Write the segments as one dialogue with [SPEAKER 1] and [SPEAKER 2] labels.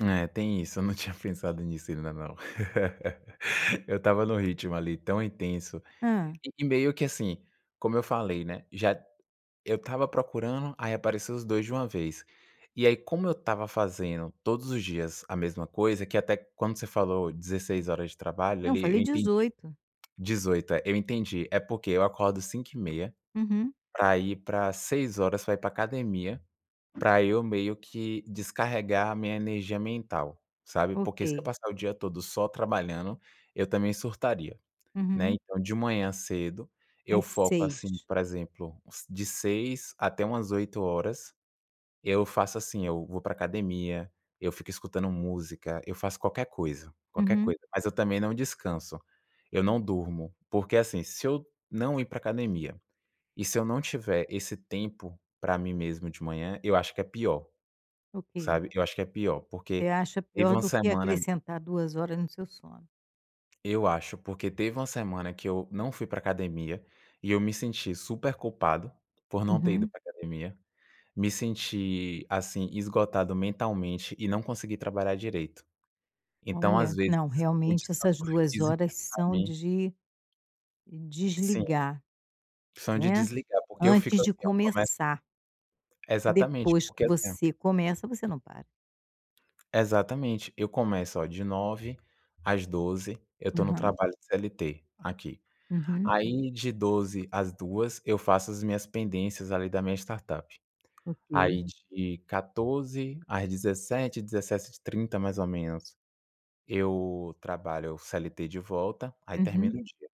[SPEAKER 1] É, tem isso. Eu não tinha pensado nisso ainda não. Eu estava num ritmo ali tão intenso,
[SPEAKER 2] Hã.
[SPEAKER 1] e meio que assim, como eu falei, né, já eu estava procurando, aí apareceram os 2 de uma vez. E aí, como eu estava fazendo todos os dias a mesma coisa, que até quando você falou 16 horas de trabalho
[SPEAKER 2] Eu
[SPEAKER 1] ali eu
[SPEAKER 2] falei
[SPEAKER 1] entendi,
[SPEAKER 2] 18.
[SPEAKER 1] 18, eh, eu entendi. É porque eu acordo 5 e meia,
[SPEAKER 2] Uhum.
[SPEAKER 1] para ir para 6 horas, para ir para a academia,
[SPEAKER 2] [unintelligible]
[SPEAKER 1] para eu meio que descarregar a minha energia mental, sabe, porque se eu
[SPEAKER 2] Ok.
[SPEAKER 1] passar o dia todo só trabalhando, eu também surtaria, né,
[SPEAKER 2] Uhum.
[SPEAKER 1] então, de manhã cedo eu
[SPEAKER 2] Às
[SPEAKER 1] foco assim,
[SPEAKER 2] 6.
[SPEAKER 1] por exemplo, de 6 até umas 8 horas, eu faço assim: eu vou para a academia, eu fico escutando música, eu faço qualquer coisa, qualquer
[SPEAKER 2] Uhum.
[SPEAKER 1] coisa, mas eu também não descanso, eu não durmo, porque assim, se eu não ir para a academia e se eu não tiver esse tempo para mim mesmo de manhã, eu acho que é pior,
[SPEAKER 2] Ok.
[SPEAKER 1] sabe, eu acho que é pior, porque
[SPEAKER 2] Você acha
[SPEAKER 1] teve
[SPEAKER 2] pior
[SPEAKER 1] uma
[SPEAKER 2] do que
[SPEAKER 1] semana.
[SPEAKER 2] acrescentar 2 horas no seu sono?
[SPEAKER 1] Eu acho porque teve uma semana que eu não fui para a academia e eu me senti super culpado por não ter ido
[SPEAKER 2] Uhum.
[SPEAKER 1] para a academia. Me senti, assim, esgotado mentalmente e não consegui trabalhar direito. Então, às
[SPEAKER 2] Olha,
[SPEAKER 1] vezes,
[SPEAKER 2] não.
[SPEAKER 1] o
[SPEAKER 2] Realmente,
[SPEAKER 1] descanso
[SPEAKER 2] essas 2
[SPEAKER 1] físico
[SPEAKER 2] horas
[SPEAKER 1] para
[SPEAKER 2] são
[SPEAKER 1] mim
[SPEAKER 2] de
[SPEAKER 1] Sim.
[SPEAKER 2] desligar,
[SPEAKER 1] São de
[SPEAKER 2] né,
[SPEAKER 1] desligar porque eu fico
[SPEAKER 2] antes de
[SPEAKER 1] assim, eu começo
[SPEAKER 2] começar e
[SPEAKER 1] exatamente
[SPEAKER 2] depois que
[SPEAKER 1] porque assim
[SPEAKER 2] você começa, você não para.
[SPEAKER 1] Exatamente. Eu começo, olha, de 9 às 12, eu estou no
[SPEAKER 2] Aham.
[SPEAKER 1] trabalho CLT aqui.
[SPEAKER 2] Uhum.
[SPEAKER 1] Aí, de 12 às 14h, eu faço as minhas pendências ali da minha startup.
[SPEAKER 2] Ok.
[SPEAKER 1] Aí, de 14h às 17h, 17:30, mais ou menos, eu trabalho o CLT de volta. Aí termina
[SPEAKER 2] Uhum.
[SPEAKER 1] o dia.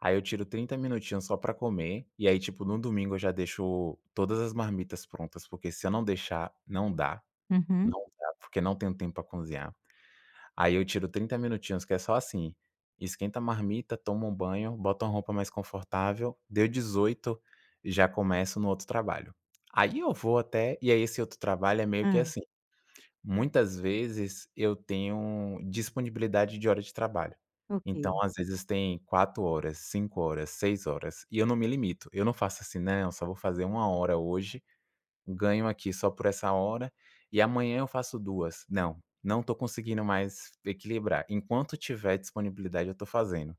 [SPEAKER 1] Aí eu tiro 30 minutinhos só para comer e aí, tipo, no domingo eu já deixo todas as marmitas prontas, porque se eu não deixar, não dá,
[SPEAKER 2] Uhum.
[SPEAKER 1] não dá, porque não tenho tempo para cozinhar. Aí eu tiro 30 minutinhos, que é só assim: esquenta a marmita, toma um banho, bota uma roupa mais confortável. Deu 18, eu já começo no outro trabalho. Aí eu vou até e aí esse outro trabalho é meio que
[SPEAKER 2] Hã.
[SPEAKER 1] assim: muitas vezes eu tenho disponibilidade de hora de trabalho. Então,
[SPEAKER 2] Ok.
[SPEAKER 1] às vezes, tem 4 horas, 5 horas, 6 horas, e eu não me limito. Eu não faço assim: "Não, só vou fazer 1 hora hoje, ganho aqui só por essa hora e amanhã eu faço 2." Não, não estou conseguindo mais equilibrar. Enquanto tiver disponibilidade, eu estou fazendo.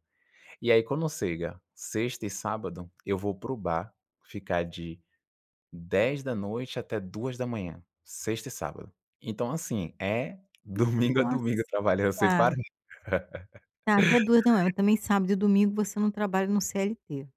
[SPEAKER 1] E aí, quando chega sexta e sábado, eu vou para o bar ficar de 10 da noite até 2 da manhã, sexta e sábado. Então, assim, é, domingo a
[SPEAKER 2] Nossa,
[SPEAKER 1] domingo, trabalhando sem
[SPEAKER 2] tá.
[SPEAKER 1] parar.
[SPEAKER 2] Tá até 2 da manhã também. Sábado e domingo, você não trabalha no CLT.